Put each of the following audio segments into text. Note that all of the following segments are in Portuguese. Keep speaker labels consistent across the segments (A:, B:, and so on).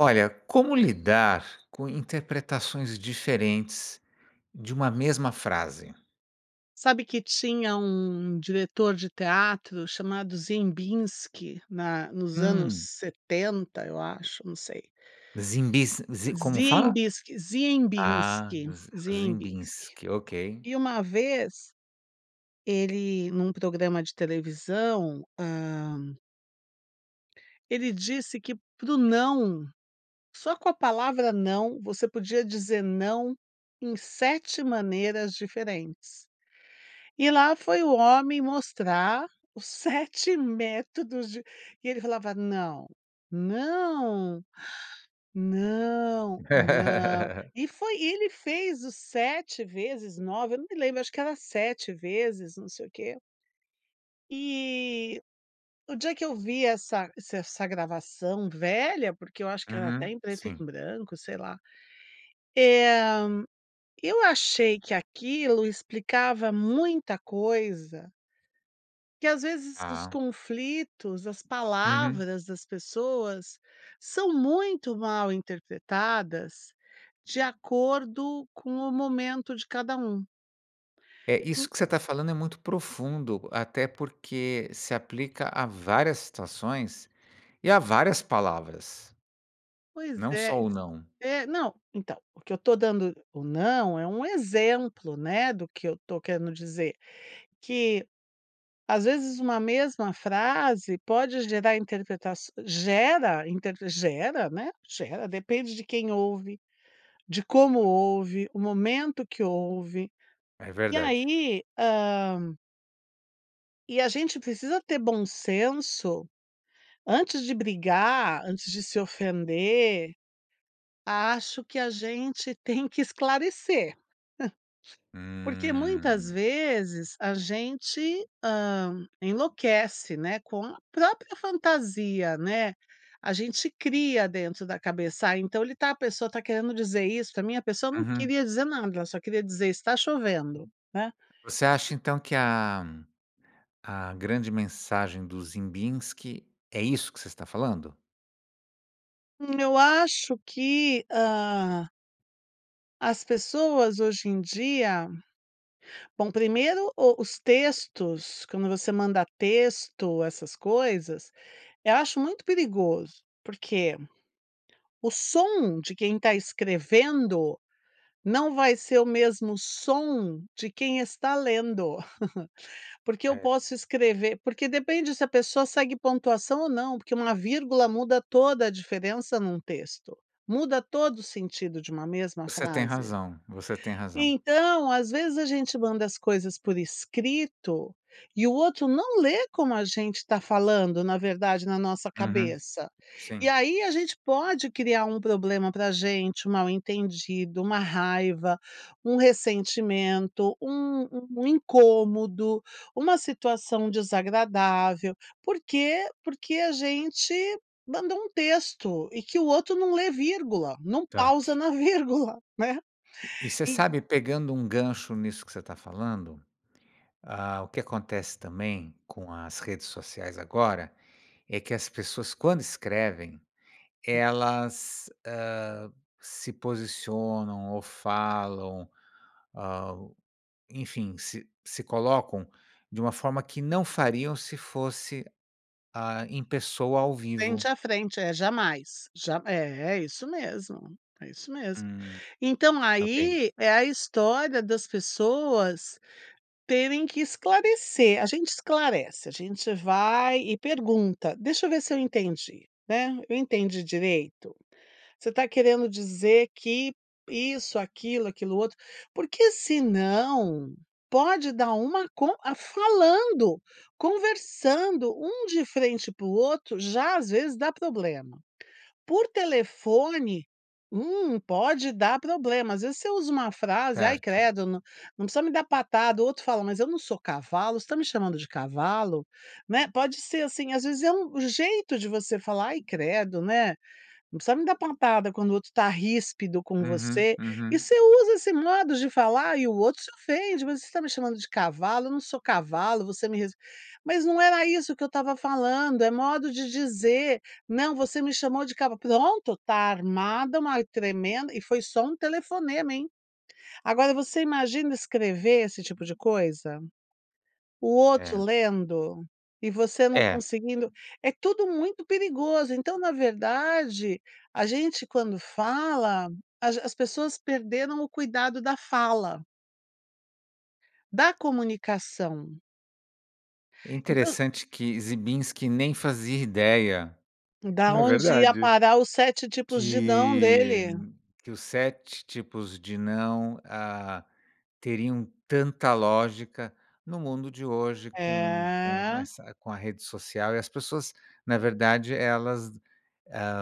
A: Olha, como lidar com interpretações diferentes de uma mesma frase?
B: Sabe que tinha um diretor de teatro chamado Ziembinski, na nos anos
A: Hum.
B: setenta, eu acho, não sei.
A: Zimbins, zi como fala?
B: Ziembiski
A: Ah,
B: Ziembinski, Ziembinski
A: Ziembinski, ok.
B: e uma vez ele, num programa de televisão hã ele disse que para o não, só com a palavra não, você podia dizer não em 7 maneiras diferentes. E lá foi o homem mostrar os 7 métodos de e ele falava: "Não, não, não, não." E foi ele fez o 7 vezes, 9, eu não me lembro, acho que era 7 vezes, não sei o quê. E o dia que eu vi essa se essa gravação. Velha porque, eu acho que ela tá
A: Uhum.
B: em preto em
A: Sim.
B: branco, sei lá, eh, eu achei que aquilo explicava muita coisa. Que às vezes os
A: Ah.
B: conflitos, as
A: Uhum.
B: palavras das pessoas são muito mal interpretadas, de acordo com o momento de cada um.
A: É isso que você tá falando é muito profundo, até porque, se aplica a várias situações e a várias palavras.
B: Pois
A: Não
B: é,
A: só
B: e
A: o
B: s
A: não.
B: eh, não, então, o que eu tô dando "O não" é um exemplo, né, do que eu tô querendo dizer. Que às vezes uma mesma frase pode gerar interpretação gera interpre gera, né, gera. Depende de quem ouve, de como ouve, o momento que ouve
A: É
B: e
A: verdade.
B: aí, hã E a gente precisa ter bom senso, antes de brigar, antes de se ofender, acho que a gente tem que esclarecer. Porque muitas
A: Hum.
B: vezes a gente, hã, enlouquece, né, com a própria fantasia, né, a gente cria dentro da cabeça, ah, então "Ele tá a pessoa tá querendo dizer isso pra mim." A pessoa não
A: Uhum.
B: queria dizer nada ela só queria dizer está chovendo, né.
A: Você acha então que a a grande mensagem do Ziembinski é isso que você está falando?
B: Hum eu acho que, hã as pessoas hoje em dia. Bom primeiro, o os textos, quando você manda texto, essas coisas, eh, acho muito perigoso. Porque o som de quem está escrevendo, não vai ser o mesmo som de quem está lendo. Porque eu
A: É.
B: posso escrever porque depende se a pessoa segue pontuação ou não, porque uma vírgula muda toda a diferença num texto, muda todo o sentido de uma mesma
A: Você tem
B: frase.
A: razão. Você tem razão.
B: Então, às vezes, a gente manda as coisas por escrito, e o outro não lê como a gente tá falando, na verdade, na nossa
A: Uhum.
B: cabeça. E
A: Sim.
B: aí a gente pode criar um problema para gente, um mal-entendido, uma raiva, um ressentimento, um um incômodo, uma situação desagradável. Porque porque a gente mandou um texto, e que o outro não lê vírgula, não
A: Tá.
B: pausa na vírgula, né.
A: E e você
B: En
A: sabe, pegando um gancho nisso que você tá falando. Ah, o que acontece também com as redes sociais agora, é que as pessoas quando escrevem, elas, hã, se posicionam ou falam, hã, o enfim, se se colocam de uma forma que não fariam se fosse, ah, em pessoa ao vivo.
B: Frente a frente. É jamais. Já é é isso mesmo é isso mesmo.
A: Hum.
B: Então
A: Ok.
B: aí é a história das pessoas terem que esclarecer. A gente esclarece, a gente vai e pergunta: "Deixa eu ver se eu entendi." Né, "Eu entendi direito? Você tá querendo dizer que isso, aquilo, aquilo outro." Porque senão pode dar uma con a falando, conversando um de frente pro outro, já às vezes dá problema. Por telefone, um pode dar problema. Às vezes você usa uma frase, ai
A: Certo.
B: credo não precisa me dar patada, o outro fala mas eu não sou cavalo, você está me chamando de cavalo? Né, pode ser assim, às vezes é um jeito de você falar, ai credo, né. Não precisa me dar patada quando o outro está ríspido com
A: Uhum.
B: você. E
A: Uhum.
B: você usa esse modo de falar, e o outro se ofende, "Mas você está me chamando de cavalo? Eu não sou cavalo, você me res mas não era isso que eu estava falando, é modo de dizer, não você me chamou de cavalo." Pronto, tá armada uma tremenda e foi só telefonema, hein. Agora você imagina escrever esse tipo de coisa, o outro
A: É.
B: lendo e você não
A: É.
B: conseguindo É tudo muito perigoso. Então, na verdade, a gente quando fala, a g as pessoas perderam o cuidado da fala. Da comunicação.
A: É
B: Então
A: interessante que ziembinski nem fazia ideia.
B: da
A: É
B: onde ia
A: verdade.
B: parar os 7 tipos de "não"
A: Que
B: dele?
A: que os 7 tipos de "não", ah, teriam tanta lógica, no mundo de hoje com com
B: É.
A: essa com a rede social e as pessoas, na verdade, elas, hã,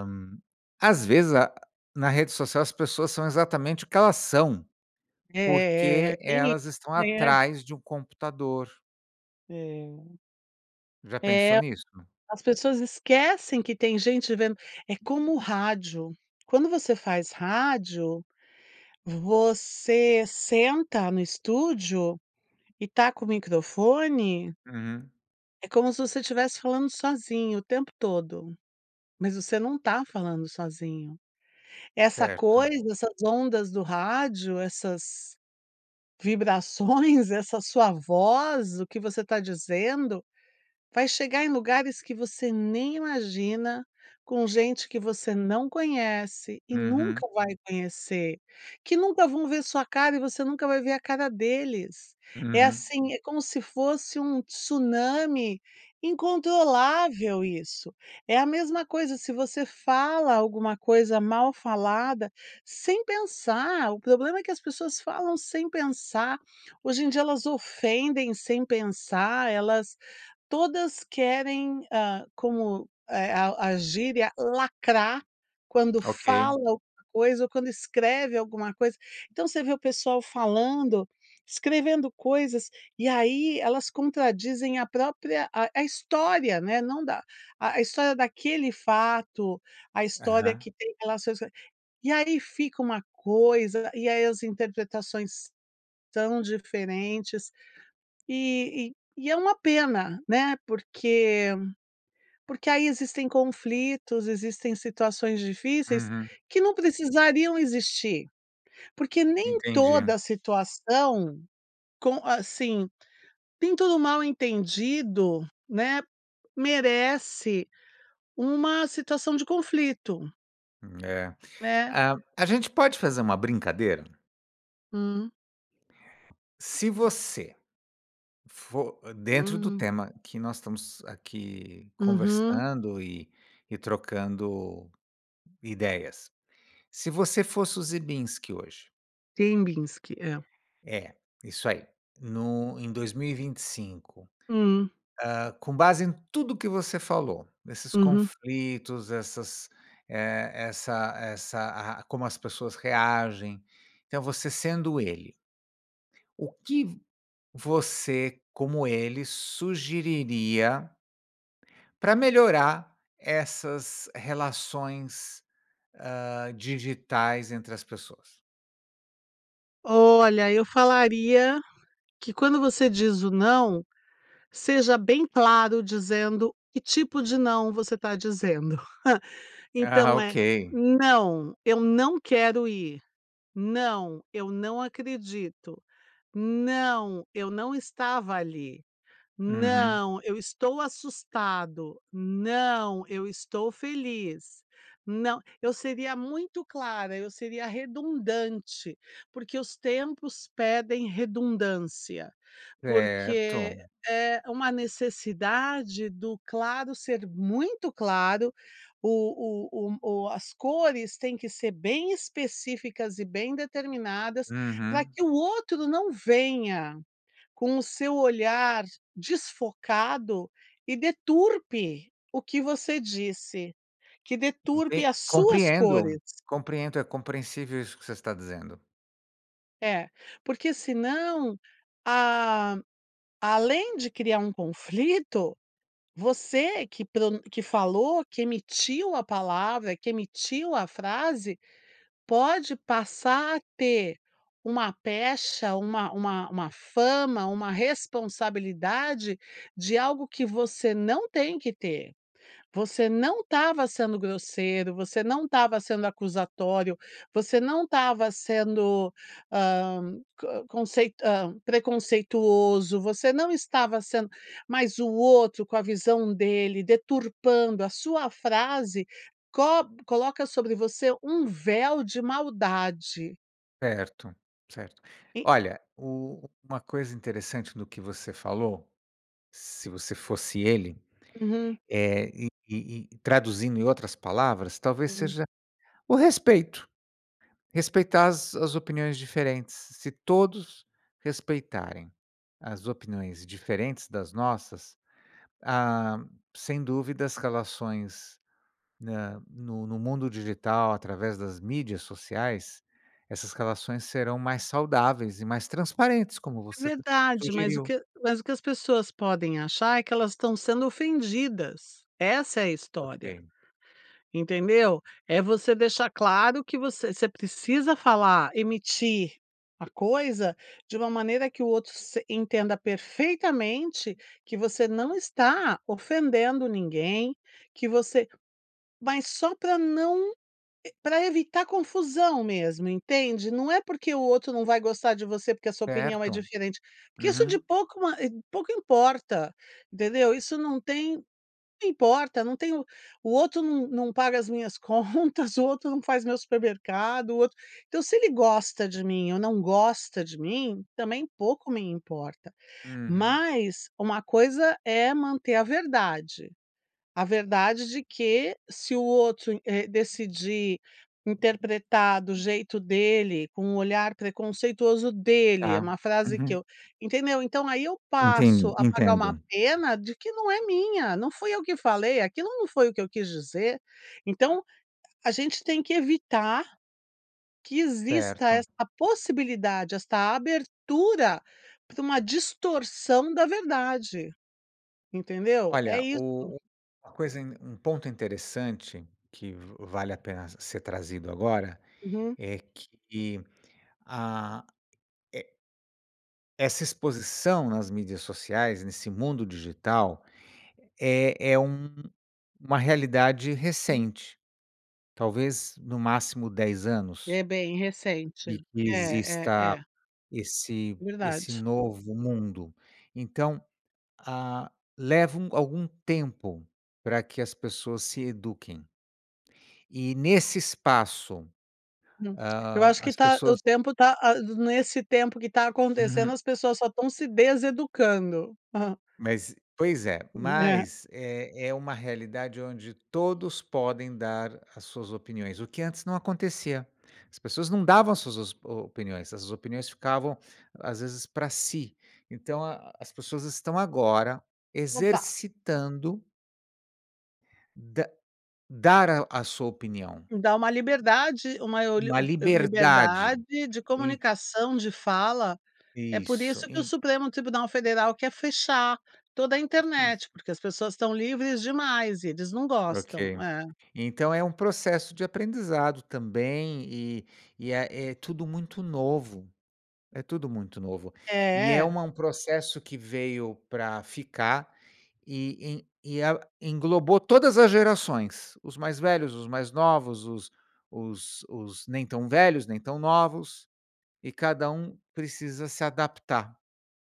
A: às vezes, a na rede social, as pessoas são exatamente o que elas são,
B: É.
A: porque
B: Tem isso,
A: elas estão
B: né?
A: atrás de um computador.
B: É.
A: Já
B: É.
A: pensou nisso?
B: As pessoas esquecem que tem gente vendo, é como o rádio. Quando você faz rádio, você senta no estúdio, e está com o microfone
A: Uhum.
B: é como se você estivesse falando sozinho o tempo todo, mas você não está falando sozinho. Essa
A: Certo.
B: coisa, essas ondas do rádio, essas vibrações, essa sua voz, o que você está dizendo vai chegar em lugares que você nem imagina, com gente que você não conhece e
A: Uhum.
B: nunca vai conhecer. Que nunca vão ver sua cara e você nunca vai ver a cara deles, é
A: Uhum.
B: assim, é como se fosse um tsunami incontrolável isso. É a mesma coisa se você fala alguma coisa mal falada sem pensar, o problema é que as pessoas falam sem pensar, hoje em dia elas ofendem sem pensar, elas todas querem, hã, como é? A a gíria lacrar, quando fala
A: Ok.
B: alguma coisa ou quando escreve alguma coisa, então você vê o pessoal falando, escrevendo coisas e aí elas contradizem a própria, a a história, né? Não da a a história daquele fato, a história
A: Aham.
B: que tem relações e aí fica uma coisa e aí as interpretações são diferentes, e e e é uma pena, né? Porque porque aí existem conflitos, existem situações difíceis
A: Uhum.
B: que não precisariam existir, porque nem
A: Entendi.
B: toda situação com, assim, nem todo mal entendido, né, merece uma situação de conflito.
A: Hum, é.
B: É.
A: A a gente pode fazer uma brincadeira?
B: Hum.
A: Se você, for dentro do
B: Hum.
A: tema que nós estamos aqui
B: Uhum.
A: conversando e e trocando ideias. Se você fosse o Ziembinski hoje?
B: Ziembinski, é.
A: É, isso aí. No em 2025,
B: Hum.
A: hã, com base em tudo o que você falou, nesses
B: Uhum.
A: conflitos, essas, eh, essa essa a como as pessoas reagem. Então você sendo ele o que v você, como ele, sugeriria pra melhorar essas relações, hã, digitais entre as pessoas?
B: Olha, eu falaria que quando você diz o não, seja bem claro dizendo que tipo de não você está dizendo.
A: Ah
B: Então é,
A: ok.
B: "Não, eu não quero ir. Não, eu não acredito. Não, eu não estava ali.
A: Uhum.
B: Não, eu estou assustado. Não, eu estou feliz. Não" Eu seria muito clara, eu seria redundante, porque os tempos pedem redundância. Porque
A: Certo.
B: é uma necessidade do claro ser muito claro. O o o o as cores têm que ser bem específicas, e bem determinadas, pra
A: Uhum.
B: que o outro não venha com o seu olhar desfocado e deturpe o que você disse. Que deturpe
A: Enten
B: as suas
A: compreendo,
B: cores.
A: compreendo, é compreensível isso que você está dizendo.
B: É, porque senão, a além de criar um conflito, você que pronun que falou que emitiu a palavra, que emitiu a frase, pode passar a ter uma pecha, uma uma uma fama, uma responsabilidade de algo que você não tem que ter. Você não estava sendo grosseiro, você não estava sendo acusatório, você não estava sendo, hã, ca conceit hã, preconceituoso, você não estava sendo mas o outro, com a visão dele, deturpando a sua frase cob coloca sobre você um véu de maldade.
A: Certo, Certo.
B: E
A: Olha, u uma coisa interessante do que você falou, se você fosse ele,
B: Uhum.
A: eh, e e e traduzindo em outras palavras, talvez
B: Hum.
A: seja o respeito. Respeitar as as opiniões diferentes. Se todos respeitarem as opiniões diferentes das nossas, ah, sem dúvida as relações na no no mundo digital, através das mídias sociais, essas relações serão mais saudáveis e mais transparentes, como
B: É
A: você
B: verdade, mas o
A: sugeriu.
B: que mas o que as pessoas podem achar, é que elas estão sendo ofendidas, essa é a história,
A: Ok.
B: entendeu? É você deixar claro que você você precisa falar, emitir a coisa de uma maneira que o outro se entenda perfeitamente que você não está ofendendo ninguém, que você mas só para não ev para evitar confusão mesmo, entende. Não é porque o outro não vai gostar de você porque a sua opinião é
A: Certo.
B: diferente, porque isso de
A: Uhum.
B: pouco pouco importa, entendeu? Isso não tem pouco importa não tem o outro não não paga as minhas contas, o outro não faz meu supermercado, o outro então se ele gosta de mim ou não gosta de mim também pouco me importa.
A: Uhum.
B: Mas uma coisa é manter a verdade, a verdade de que se o outro, eh, decidir interpretar do jeito dele, com olhar preconceituoso dele, é
A: Tá,
B: uma frase que
A: uhum.
B: eu entendeu? Então aí eu passo
A: Enten
B: a pagar uma
A: entendo.
B: pena de que não é minha, não fui eu que falei, aquilo não foi o que eu quis dizer. Então a gente tem que evitar que exista
A: Certo.
B: essa possibilidade, esta abertura pra uma distorção da verdade. Entendeu? É
A: Olha,
B: isso.
A: o o uma coisa um ponto interessante que va vale a pena ser trazido agora
B: Uhum.
A: é que a é essa exposição nas mídias sociais, nesse mundo digital, é é um uma realidade
B: Hum.
A: recente, talvez no máximo 10 anos.
B: É bem recente.
A: De que
B: É é
A: exista
B: é.
A: esse esse
B: Verdade.
A: novo mundo, então, ah, leva um algum tempo pra que as pessoas se eduquem. E, nesse espaço,
B: Hum. Eu
A: ah,
B: acho que
A: as
B: tá o
A: pessoas
B: tempo tá a nesse tempo que tá
A: Uhum.
B: acontecendo as pessoas só estão se deseducando. Ah.
A: Mas, pois é,
B: É.
A: mas é é uma realidade onde todos podem dar as suas opiniões, o que antes não acontecia. As pessoas não davam as suas o opiniões, as opiniões ficavam às vezes pra si. Então, a as pessoas estão agora
B: Opa.
A: exercitando da dar à sua opinião.
B: Dá uma liberdade, uma oli
A: Uma liberdade.
B: liberdade de
A: En
B: comunicação, de fala, é por
A: Isso,
B: isso que o
A: en
B: Supremo Tribunal Federal quer fechar toda a internet,
A: [unintelligible]
B: porque as pessoas estão livres demais e eles não gostam.
A: Ok.
B: É.
A: Então é um processo de aprendizado também e e é é tudo muito novo, é tudo muito novo. E é
B: É.
A: uma um processo que veio pra ficar e e el englobou todas as gerações, os mais velhos, os mais novos, os os os nem tão velhos, nem tão novos e cada um precisa se adaptar.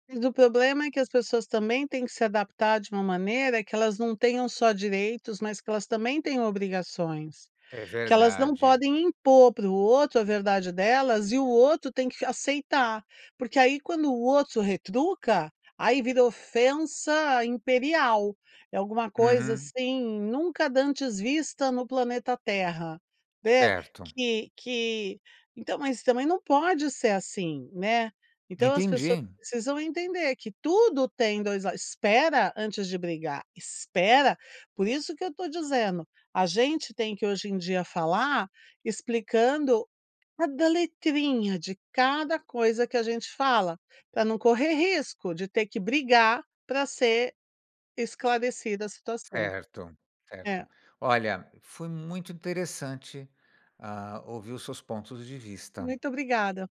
B: E do problema é que as pessoas também têm que se adaptar de uma maneira, que elas não tenham só direitos, mas que elas também tenham obrigações.
A: É
B: Que elas não
A: verdade.
B: podem impor pro outro a verdade delas e o outro tem que aceitar. Porque aí quando o outro retruca, aí virou ofensa imperial, é alguma coisa
A: Uhum.
B: assim, nunca dantes vista no planeta terra, né.
A: Certo.
B: Que que então mas também não pode ser assim, né. Então as pessoas
A: Entendi.
B: precisam entender que tudo tem 2 lados espera antes de brigar, espera. Por isso que eu tô dizendo, a gente tem que hoje em dia falar explicando cada letrinha de cada coisa que a gente fala, para não correr risco de ter que brigar para ser esclarecida a situação.
A: Certo,
B: É.
A: certo. Olha, foi muito interessante, ah, ouvir os seus pontos de vista.
B: Muito obrigada.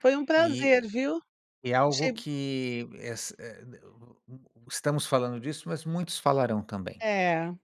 B: Foi um prazer,
A: E
B: viu?
A: é algo
B: Achei
A: que es e e d u u estamos falando disso, mas muitos falarão também.
B: É.